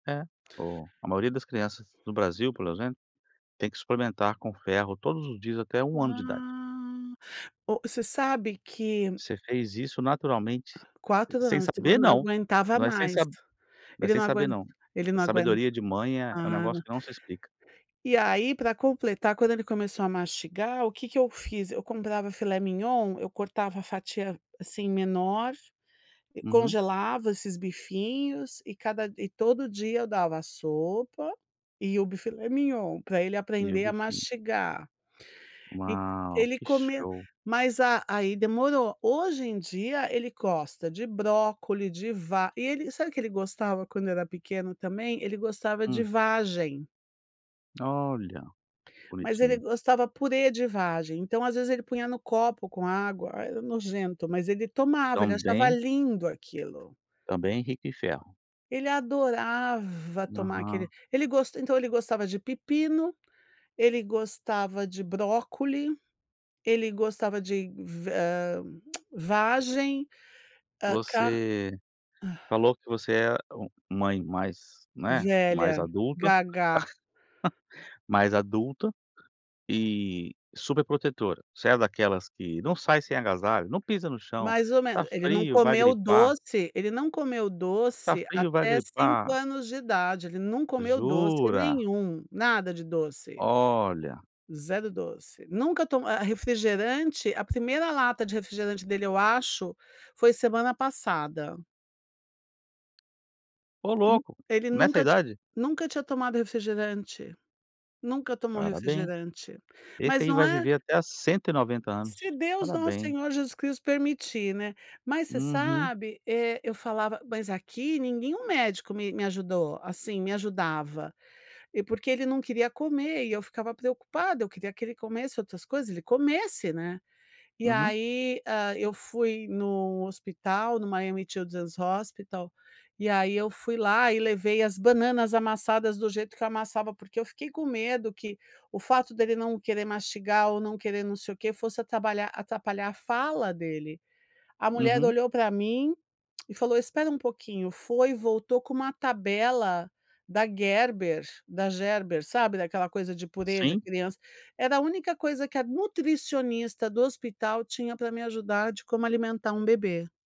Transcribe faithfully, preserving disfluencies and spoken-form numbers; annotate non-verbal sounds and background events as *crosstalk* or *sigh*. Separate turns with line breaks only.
É, o a maioria das crianças do Brasil, pelo exemplo, tem que suplementar com ferro todos os dias até um ano de idade.
Ah, o você sabe que
Você fez isso naturalmente,
quatro
sem
anos de
saber
semana não
não,
aguentava
não é sem
mais,
sab não é
ele
sem
não
saber
aguen
não,
ele não aguen
sabedoria de mãe é é um
a
negócio
na
que não se explica.
e aí para completar quando ele começou a mastigar o que que eu fiz, eu comprava Filet MIgnon eu cortava a fatia, assim, menor,
Uhum.
congelava esses bifinhos e cada d e todo dia eu dava a sopa e o bi filet mignon, para ele
E o
aprender a
bifinho.
mastigar, e
Uau,
ele
que
comia
show.
mas a aí demorou, hoje em dia ele gosta de brócolis, de va e ele sabe o que ele gostava quando era pequeno também, ele gostava de
Hum.
vagem.
Olha
Mas ele
bonitinho.
gostava purê de vagem, então às vezes ele punha no copo com água, era nojento, mas ele tomava, ele achava
Também
lindo aquilo.
também rico em ferro.
Ele adorava tomar aquele
Aham.
ele então ele gostava de pepino, ele gostava de brócolis, ele gostava de va ah, vagem, ah, ca
Você falou que você é mãe mais, né, mais
Velha,
adulta,
gaga.
*chuckles* mais adulta e superprotetora, você é daquelas que não sai sem agasalho, não pisa no chão,
Mais ou
está
ele não
frio vai
comeu
gripar.
doce ele não comeu
Está
doce
frio, vai
até cinco
gripar.
anos de idade ele não comeu doce
Jura?
nenhum, nada de doce.
Olha.
zero doce nunca to a a refrigerante a primeira lata de refrigerante dele, eu acho, foi semana passada.
Ô
Hum
louco,
ele
nessa a
nunca tinha
idade.
nunca tinha tomado refrigerante, nunca tomou
Parabéns.
refrigerante,
Esse
mas
aí
não
vai
é
viver até a cento e noventa
Se
anos.
Deus, nosso
Parabéns.
senhor, Jesus Cristo permitir, né, mas você
Uhum.
sabe é eu falava mas aqui nenhum médico me me ajudou, assim, me ajudava e porque ele não queria comer e eu ficava preocupada, eu queria que ele comesse outras coisas ele comesse, né, e
Uhum.
aí, ah, eu fui no hospital no Miami Children's Hospital, e aí eu fui lá e levei as bananas amassadas do jeito que eu amassava, porque eu fiquei com medo que o fato dele não querer mastigar ou não querer não sei o quê fosse atrapalhar atrapalhar fala dele, a mulher
Uhum.
olhou para mim e falou: "Espera um pouquinho", foi voltou com uma tabela da Gerber, da Gerber, sabe daquela coisa de purê de
Sim.
criança, era a única coisa que a nutricionista do hospital tinha para me ajudar de como alimentar um bebê.